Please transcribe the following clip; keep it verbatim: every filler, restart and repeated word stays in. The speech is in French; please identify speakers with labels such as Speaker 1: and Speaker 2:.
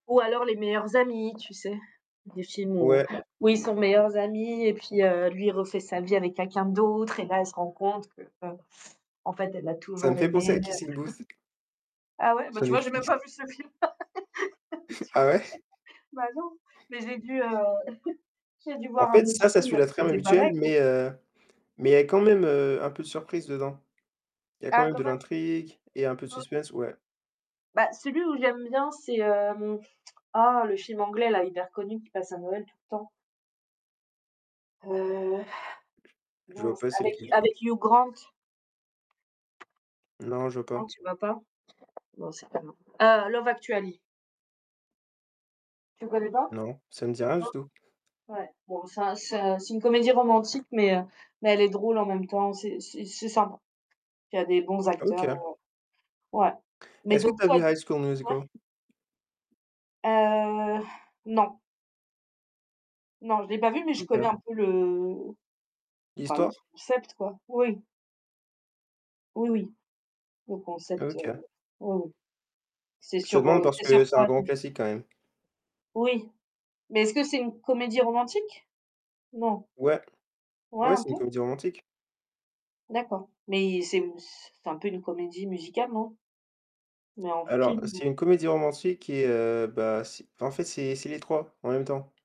Speaker 1: Ou alors, les meilleurs amis, tu sais? Des films où
Speaker 2: Ouais.
Speaker 1: où ils sont meilleurs amis, et puis, heu, lui, il refait sa vie avec quelqu'un d'autre, et là, elle se rend compte qu'en fait, elle l'a
Speaker 2: Ça me
Speaker 1: toujours
Speaker 2: fait
Speaker 1: aimé.
Speaker 2: penser à Kissing Booth.
Speaker 1: Ah ouais? Bah,
Speaker 2: Sur
Speaker 1: tu vois? J'ai même
Speaker 2: Netflix.
Speaker 1: pas vu ce film. Tu
Speaker 2: Ah
Speaker 1: vois?
Speaker 2: ouais?
Speaker 1: Bah non! Mais j'ai dû, heu, j'ai du
Speaker 2: En
Speaker 1: voir un
Speaker 2: fait,
Speaker 1: autre
Speaker 2: ça, ça
Speaker 1: film
Speaker 2: suit la
Speaker 1: où
Speaker 2: trame
Speaker 1: c'était pareil,
Speaker 2: habituelle
Speaker 1: quoi.
Speaker 2: mais, heu, mais, quand même, heu, un peu de surprise dedans. Il y a quand
Speaker 1: Ah
Speaker 2: même
Speaker 1: quand
Speaker 2: de
Speaker 1: même!
Speaker 2: l'intrigue et un peu de
Speaker 1: O
Speaker 2: suspense, ouais.
Speaker 1: Bah, celui où j'aime bien, c'est, hem, oh, le film anglais-là, hyper connu, qui passe à Noël tout le temps. Heu
Speaker 2: Je vois
Speaker 1: mince,
Speaker 2: pas c'est
Speaker 1: avec
Speaker 2: lequel.
Speaker 1: avec Hugh Grant.
Speaker 2: Non, je vois
Speaker 1: Non,
Speaker 2: pas.
Speaker 1: tu vois pas? Bon, c'est pas grave. Heu, Love Actually. Tu connais pas?
Speaker 2: Non, ça me dit rien
Speaker 1: Non?
Speaker 2: du tout.
Speaker 1: Ouais, bon, ça ça c'est une comédie romantique, mais, heu, mais elle est drôle en même temps, c'est c'est c'est sympa. Il y a des bons acteurs,
Speaker 2: OK.
Speaker 1: heu, ouais. Mais
Speaker 2: Est-ce que tu
Speaker 1: donc
Speaker 2: as
Speaker 1: toi,
Speaker 2: vu
Speaker 1: du
Speaker 2: High School
Speaker 1: ouais
Speaker 2: Musical?
Speaker 1: Heu, non. Non, je l'ai pas vu, mais je connais
Speaker 2: OK.
Speaker 1: un peu le enfin, le
Speaker 2: L'histoire?
Speaker 1: concept, quoi. Oui. Oui, oui, Le concept, heu,
Speaker 2: OK.
Speaker 1: oui, oui. C'est
Speaker 2: Je te
Speaker 1: sur,
Speaker 2: demande
Speaker 1: heu,
Speaker 2: parce
Speaker 1: c'est
Speaker 2: que
Speaker 1: sur
Speaker 2: c'est un
Speaker 1: quoi
Speaker 2: grand
Speaker 1: déjà?
Speaker 2: classique, quand même.
Speaker 1: Oui. Mais, est-ce que c'est une comédie romantique? Non?
Speaker 2: Ouais.
Speaker 1: Ouais,
Speaker 2: Ouais,
Speaker 1: un
Speaker 2: c'est une
Speaker 1: peu?
Speaker 2: comédie romantique.
Speaker 1: D'accord. Mais c'est c'est un peu une comédie musicale, non? Mais en
Speaker 2: Alors,
Speaker 1: film,
Speaker 2: c'est
Speaker 1: ouais.
Speaker 2: une comédie romantique qui est, heu, bah, c'est, en fait, c'est c'est les trois en même temps.